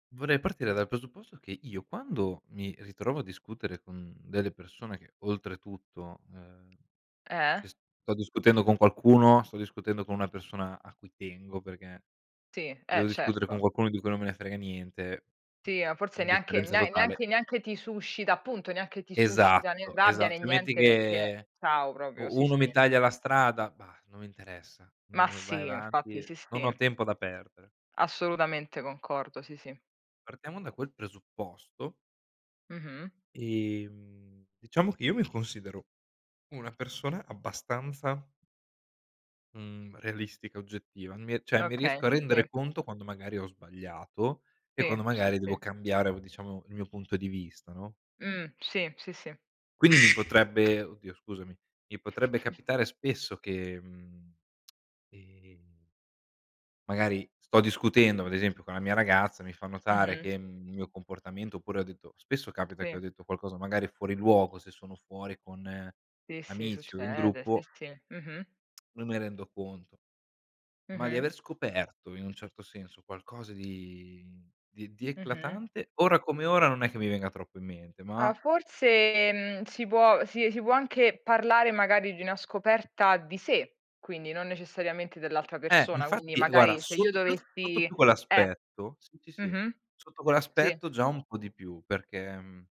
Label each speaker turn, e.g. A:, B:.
A: Vorrei partire dal presupposto che io quando mi ritrovo a discutere con delle persone che, oltretutto, uhm,
B: Eh.
A: se sto discutendo con qualcuno, sto discutendo con una persona a cui tengo perché
B: Sì,
A: se
B: eh
A: devo discutere con
B: certo.
A: qualcuno di cui non me ne frega niente,
B: Sì, ah forse neanche
A: indifferenza
B: ne
A: totale.
B: neanche neanche ti suscita appunto, neanche ti suscita né
A: Esatto,
B: rabbia né
A: esat tu metti
B: niente perché
A: che
B: ciao proprio,
A: u
B: sì,
A: uno mi
B: sì.
A: taglia la strada, bah, non mi interessa,
B: Ma
A: non v vai
B: sì, infatti
A: avanti,
B: sì
A: non ho
B: sì.
A: tempo da perdere.
B: Assolutamente concordo, sì, sì.
A: Partiamo da quel presupposto
B: Mh-mh.
A: e, mhmm, diciamo che io mi considero una persona abbastanza mhmm, realistica, oggettiva, mi cioè mi
B: Okay
A: riesco a
B: sì.
A: rendere conto quando magari ho sbagliato e
B: Sì.
A: quando
B: Sì,
A: magari devo
B: sì.
A: cambiare o diciamo il mio punto di vista, no?
B: Mh, sì, sì, sì.
A: Quindi mi potrebbe oddio scusami, mi potrebbe capitare spesso che, mhmm, ehm magari sto discutendo, vado a esempio, con la mia ragazza, mi fa notare
B: Mh-mh.
A: che mhmm, il mio comportamento, oppure ho detto spesso capita che ho
B: Sì.
A: detto qualcosa magari fuori luogo, se sono fuori con
B: Sì, sì
A: amici o in
B: succede. Sì,
A: gruppo
B: sì. Mh-mh.
A: non me rendo conto. Ma di
B: Mh-mh.
A: aver scoperto, in un certo senso, qualcosa di di di
B: Mh-mh.
A: eclatante, ora come ora non è che mi venga troppo in mente,
B: Ah
A: ma
B: forse, mhmm, si può si si può anche parlare magari di una scoperta di sé, quindi non necessariamente dell'altra
A: Eh,
B: persona, quindi
A: infatti, eh, guarda
B: magari se io
A: sotto più sotto
B: dovessi
A: più
B: Eh.
A: quell'aspetto sì, sì, sì,
B: Mh-mh.
A: sotto
B: Sì.
A: quell'aspetto già un po' di più, perché, mhmm